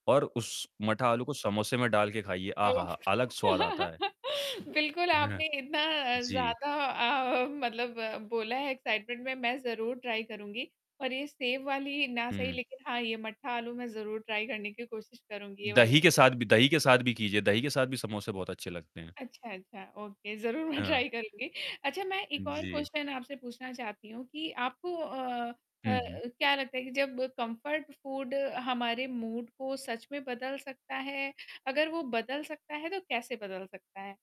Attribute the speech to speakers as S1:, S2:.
S1: और उस मठा आलू को समोसे में डाल के खाइए,
S2: हुँ,
S1: आहाहा! अलग स्वाद आता है।
S2: [unintelligible] बिल्कुल, आपने इतना
S1: जी।
S2: ज़्यादा अ, मतलब बोला है एक्साइटमेंट में, मैं ज़रूर ट्राय करूँगी। और ये सेब वाली ना सही
S1: हुँ।
S2: लेकिन हाँ ये मट्ठा आलू मैं ज़रूर ट्राय करने की कोशिश करूँगी ये
S1: दही
S2: वाली।
S1: के साथ भी दही के साथ भी कीजिए। दही के साथ भी समोसे बहुत अच्छे लगते हैं।
S2: अच्छा, अच्छा। ओके ज़रूर मैं
S1: हाँ।
S2: ट्राय करूँगी। अच्छा मैं
S1: उ,
S2: एक और
S1: जी।
S2: क्वेश्चन आपसे पूछना चाहती हूँ कि आपको अ अ,
S1: हुँ, हुँ।
S2: क्या लगता है कि जब कम्फ़र्ट फ़ूड हमारे मूड को सच में बदल सकता है? अगर वो बदल सकता है तो कैसे बदल सकता है?